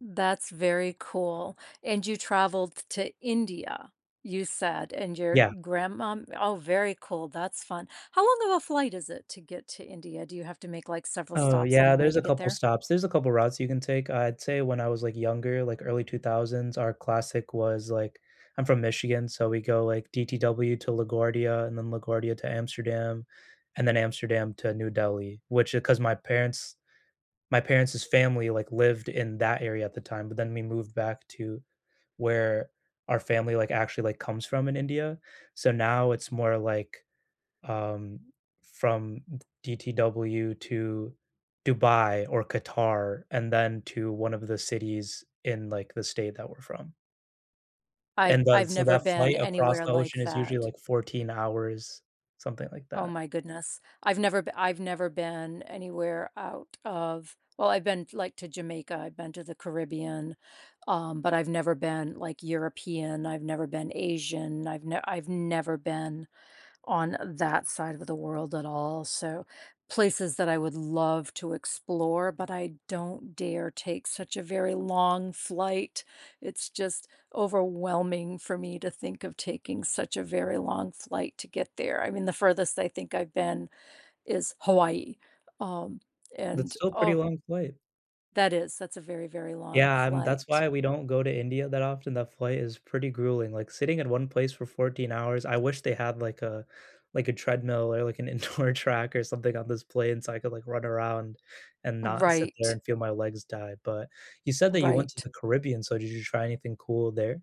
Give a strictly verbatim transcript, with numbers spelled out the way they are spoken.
That's very cool. And you traveled to India, you said, and your Yeah. grandma oh, very cool. That's fun. How long of a flight is it to get to India? Do you have to make, like, several Oh, stops on the yeah, way there's to a get couple there? stops. There's a couple of routes you can take, I'd say, when I was, like, younger, like, early two thousands, our classic was, like I'm from Michigan, so we go, like, DTW to LaGuardia, and then LaGuardia to Amsterdam, and then Amsterdam to New Delhi, which, uh, 'cause my parents my parents' family, like, lived in that area at the time, but then we moved back to where our family, like, actually, like, comes from in India. So now it's more, like, um, from D DTW to Dubai or Qatar, and then to one of the cities in, like, the state that we're from. I've And I've does so never that been flight across anywhere the like ocean is usually, that. like, fourteen hours, something like Oh that. my goodness. I've never be I've never been anywhere out of well, I've been, like, to Jamaica, I've been to the Caribbean, um, but I've never been, like, European, I've never been Asian, I've ne I've never been on that side of the world at all, so, places that I would love to explore, but I don't dare take such a very long flight. It's just overwhelming for me to think of taking such a very long flight to get there. I mean, the furthest I think I've been is Hawaii, um, That's and, still a pretty oh long flight. That is. That's a very, very long Yeah, and that's flight. why we don't go to India that often. That flight is pretty grueling, like, sitting in one place for fourteen hours, I wish they had, like, a like, a treadmill or like an indoor track or something on this plane so I could, like, run around and not sit there Right. and feel my legs die, but, you said that you went to Right. the Caribbean, so, did you try anything cool there?